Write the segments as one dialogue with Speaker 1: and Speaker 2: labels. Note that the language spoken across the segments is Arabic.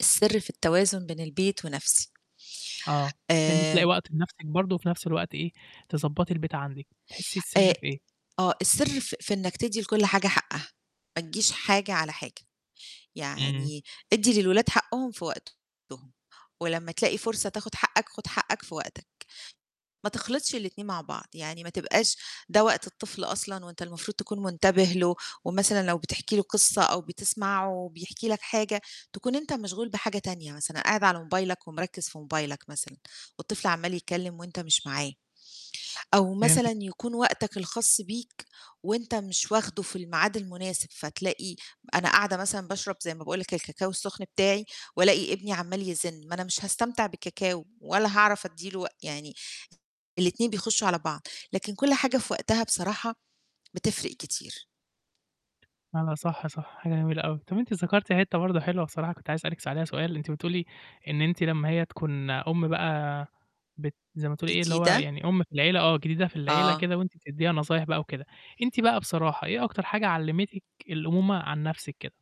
Speaker 1: السِرّ، في التوازن بين البيت ونفْسي.
Speaker 2: آه، إن أنتِ تلاقي
Speaker 1: آآ
Speaker 2: وقت لنفْسِك برضه وفي نفْس الوقت إيه، تضبّطي البيت عندِك، تحسّي
Speaker 1: أ
Speaker 2: السِرّ في إيه؟
Speaker 1: آه، السر في في إنك تدّي لكُلّ حاجة حقّها، ما تجيش حاجة على حاجة،
Speaker 2: إمم.
Speaker 1: يعني اِدّي للولاد حقّهم في وقتهم ولمّا تلاقي فرصة تاخد حقّك خُد حقّك في وقتك. ما تخلطش الاتنين مع بعض، يعني ما تبقاش ده وقت الطفل أصلًا وأنت المفروض تكون منتبِه له، ومثلًا لو بتحكي له قصّة أو بتسمعه بيحكي لك حاجة، تكون أنت مشغول بحاجة تانية مثلًا، قاعد على موبايلك ومِركِّز في موبايلك مثلًا، والطفل عَمَّال يتكلم وأنت مش معاه، أو
Speaker 2: فهمتِك.
Speaker 1: مثلًا يكون وقتك الخاص بيك، وأنت مش واخدُه في الميعاد المناسب فتلاقي أنا قاعدة مثلًا باشرب زي ما باقول لك الكاكاو السخن بتاعي، والاقي ابني عَمَّال يزِنّ، ما أنا مش هاستمتع بالكاكاو، ولا هاعرف أدّي له و يعني الاتنين بيخشّوا على بعض. لكن كُلّ حاجة في وقتها بصراحة بتفرِق كتير.
Speaker 2: لا، لا، صح، صح، حاجة جميلة أوي. طَب أنتِ ذكرتِ حتّة برضه حلوة بصراحة كنت عايز أسألِك عليها سؤال، أنتِ بتقولي إن أنتِ لمّا هي تكون أُمّ بقى بت زي ما بتقولي إيه اللي هو
Speaker 1: جديدة؟
Speaker 2: يعني أُمّ في العيلة آه، جديدة في العيلة
Speaker 1: آه.
Speaker 2: كده وأنتِ بتديها نصايح بقى وكده. أنتِ بقى بصراحة، إيه أكتر حاجة علّمتِك الأمومة عن نفْسِك كده؟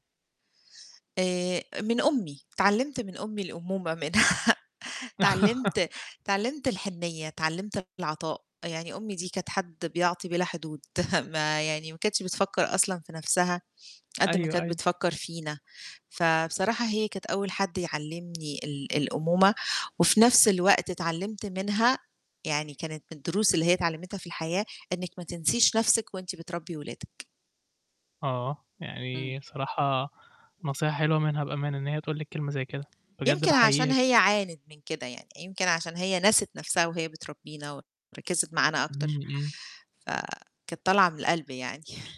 Speaker 1: آآ، من أمي، اتعلمت من أمي الأمومة منها، اتعلمت اتعلمت الحنيّة، اتعلمت العطاء، يعني أمي دي كانت حد بيعطي بلا حدود ما يعني ما كانتش بتفكّر أصلًا في نفْسها قد ما
Speaker 2: أيوه،
Speaker 1: كانت
Speaker 2: أيوه.
Speaker 1: بتفكّر فينا. فبصراحة هي كانت أول حد يعلمني ال الأمومة، وفي نفْس الوقت اتعلمت منها يعني كانت من الدروس اللي هي اتعلمتها في الحياة إنِّك ما تنسيش نفْسِك وأنتِ بتربّي ولادِك.
Speaker 2: آه،
Speaker 1: إمم.
Speaker 2: يعني صراحة نصيحة حلوة منها بأمانة، إن هي تقول لِك كلمة زي كده، بجد
Speaker 1: يمكن
Speaker 2: باحييها
Speaker 1: عشان هي عانت من كده يعني، يمكن عشان هي نَسِت نفْسها وهي بتربّينا وركِّزت معانا
Speaker 2: إمم،
Speaker 1: أكتر،
Speaker 2: إمم.
Speaker 1: فكانت طالعة من القلب يعني.